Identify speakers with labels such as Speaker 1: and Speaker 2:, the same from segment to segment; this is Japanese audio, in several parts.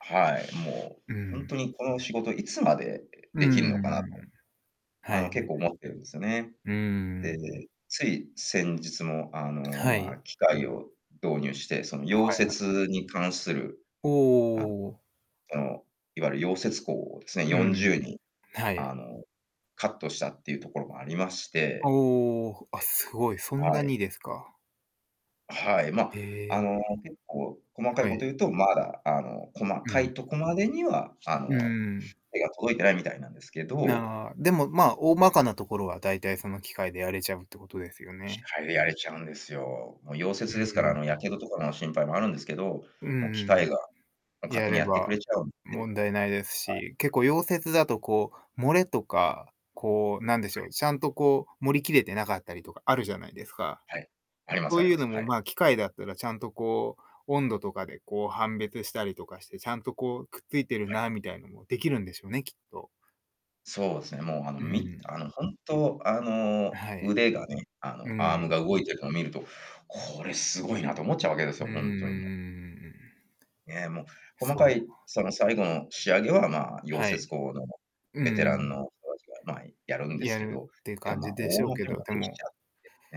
Speaker 1: はい。も
Speaker 2: う
Speaker 1: うほん
Speaker 2: ん。
Speaker 1: とに、この仕事いつまで
Speaker 2: う
Speaker 1: 出来るのかなと。
Speaker 2: ん。は
Speaker 1: あの、
Speaker 2: いは
Speaker 1: 結
Speaker 2: い。
Speaker 1: 構思ってるんですよね。
Speaker 2: う
Speaker 1: で、
Speaker 2: ん。
Speaker 1: つい先日もあの、
Speaker 2: は
Speaker 1: ま、
Speaker 2: い。
Speaker 1: 機械を導入して、その
Speaker 2: は
Speaker 1: 溶
Speaker 2: いはい。
Speaker 1: 接に関する、
Speaker 2: お
Speaker 1: あ、
Speaker 2: お。
Speaker 1: その、いわゆる溶接工をです
Speaker 2: う
Speaker 1: ね、よんじ
Speaker 2: ん。
Speaker 1: ゅうにん、
Speaker 2: はい。
Speaker 1: あの、カットしたっていうところもありまして、
Speaker 2: おお、あ、すごい、そ
Speaker 1: え。
Speaker 2: んな
Speaker 1: はい。
Speaker 2: にですか。
Speaker 1: はい。まあ、
Speaker 2: へ
Speaker 1: あ
Speaker 2: え。
Speaker 1: の、結構細かい
Speaker 2: は
Speaker 1: こと
Speaker 2: い。
Speaker 1: 言うと、まだ、あの、細
Speaker 2: う
Speaker 1: か
Speaker 2: ん。
Speaker 1: いとこまでには、あ
Speaker 2: う
Speaker 1: の、
Speaker 2: ん。
Speaker 1: 手が届いてないみたいなんですけど。
Speaker 2: ああ、でもまあ、大まかなところは大体その機械でやれちゃうってことですよ
Speaker 1: 機
Speaker 2: ね。
Speaker 1: 械でやれちゃうんですよ。もう、溶
Speaker 2: う
Speaker 1: 接で
Speaker 2: ん
Speaker 1: すから、
Speaker 2: う
Speaker 1: あ
Speaker 2: ん。
Speaker 1: の、やけどとかの心配もあるんですけど、
Speaker 2: うんう
Speaker 1: もう、機
Speaker 2: んうん。
Speaker 1: 械が、もう、勝
Speaker 2: や
Speaker 1: 手に
Speaker 2: れ
Speaker 1: やってく
Speaker 2: ば
Speaker 1: れちゃうんで。
Speaker 2: 問題ないです
Speaker 1: はい。
Speaker 2: し、結構溶接だとこう、漏れとか、こうなんで
Speaker 1: は
Speaker 2: しょ
Speaker 1: い。
Speaker 2: う、ちゃんとこう、盛りきれてなかったりとかあるじゃないですか？
Speaker 1: はい、ありま
Speaker 2: そ
Speaker 1: す
Speaker 2: う
Speaker 1: あり
Speaker 2: いう
Speaker 1: ま
Speaker 2: の
Speaker 1: す、は
Speaker 2: も
Speaker 1: い。
Speaker 2: まあ、機械だったらちゃんとこう、温度とかでこう、判別したりとかして、ちゃんとこう、くっついてる
Speaker 1: はい。
Speaker 2: なみたいなのも出来るんでしょうね、きっと。
Speaker 1: そうですね。もうあの、
Speaker 2: う
Speaker 1: み
Speaker 2: ん。
Speaker 1: あの、本当あの、
Speaker 2: はい。
Speaker 1: 腕がね、あ
Speaker 2: う
Speaker 1: の、アーム
Speaker 2: ん。
Speaker 1: が動いているのを見ると、これ凄いなと思っちゃうわけです
Speaker 2: うん
Speaker 1: よ、
Speaker 2: うんう
Speaker 1: ほ
Speaker 2: んうんうんう
Speaker 1: んとにもう。
Speaker 2: んうんうん。
Speaker 1: ね、もう、細
Speaker 2: そ
Speaker 1: か
Speaker 2: う。
Speaker 1: いその最後の仕上げは、ま、溶
Speaker 2: は
Speaker 1: 接
Speaker 2: い。
Speaker 1: 工の
Speaker 2: う
Speaker 1: ベテランの
Speaker 2: ん。
Speaker 1: 人達が、ま、やるんです
Speaker 2: や
Speaker 1: け
Speaker 2: る
Speaker 1: ど、
Speaker 2: っていう
Speaker 1: で
Speaker 2: 感
Speaker 1: もま、
Speaker 2: じで
Speaker 1: 大
Speaker 2: しょうけ
Speaker 1: 元
Speaker 2: ど、
Speaker 1: が
Speaker 2: で
Speaker 1: でき
Speaker 2: も
Speaker 1: ちゃう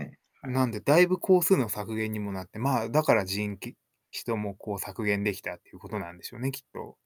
Speaker 1: ってね。は
Speaker 2: なん
Speaker 1: い。
Speaker 2: で、だいぶ工数の削減にもなって、まあ、だからじんき人もこう、削減できたっていうことなんでしょうね、きっと。